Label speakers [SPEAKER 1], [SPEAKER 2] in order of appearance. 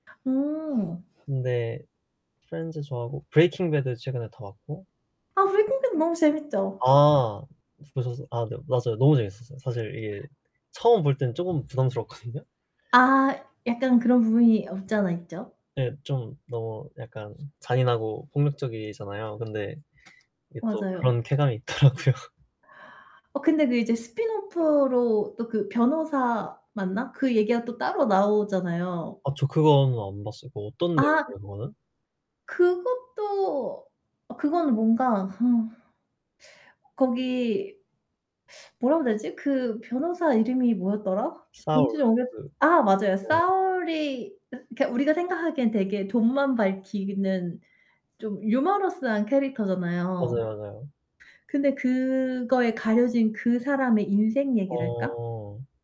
[SPEAKER 1] 어.
[SPEAKER 2] 근데 프렌즈 좋아하고 브레이킹 배드 최근에 다 봤고.
[SPEAKER 1] 아 브레이킹 배드 너무 재밌죠.
[SPEAKER 2] 아 보셨어 아 네. 맞아요. 너무 재밌었어요. 사실 이게 처음 볼 때는 쪼금 부담스러웠거든요.
[SPEAKER 1] 아 약간 그런 부분이 없지 않아 있죠.
[SPEAKER 2] 네. 좀 너무 약간 잔인하고 폭력적이잖아요. 근데 이게 또
[SPEAKER 1] 맞아요.
[SPEAKER 2] 그런 쾌감이 있더라고요.
[SPEAKER 1] 어 근데 그 이제 스핀오프로 또 그 변호사 맞나? 그 얘기가 또 따로 나오잖아요.
[SPEAKER 2] 아 저 그거는 안 봤어요. 뭐 어떤 내용이에요
[SPEAKER 1] 아.
[SPEAKER 2] 그거는?
[SPEAKER 1] 그것도 어 그거는 뭔가 허 거기 뭐라 그래야 되지? 그 변호사 이름이 뭐였더라?
[SPEAKER 2] 사울
[SPEAKER 1] 본지가 오래 돼
[SPEAKER 2] 그
[SPEAKER 1] 아 맞아요.
[SPEAKER 2] 네.
[SPEAKER 1] 사울이 으 그러니까 우리가 생각하기에는 되게 돈만 밝히는 좀 유머러스한 캐릭터잖아요.
[SPEAKER 2] 맞아요, 맞아요.
[SPEAKER 1] 근데 그거에 가려진 그 사람의 인생 얘기랄까?
[SPEAKER 2] 어.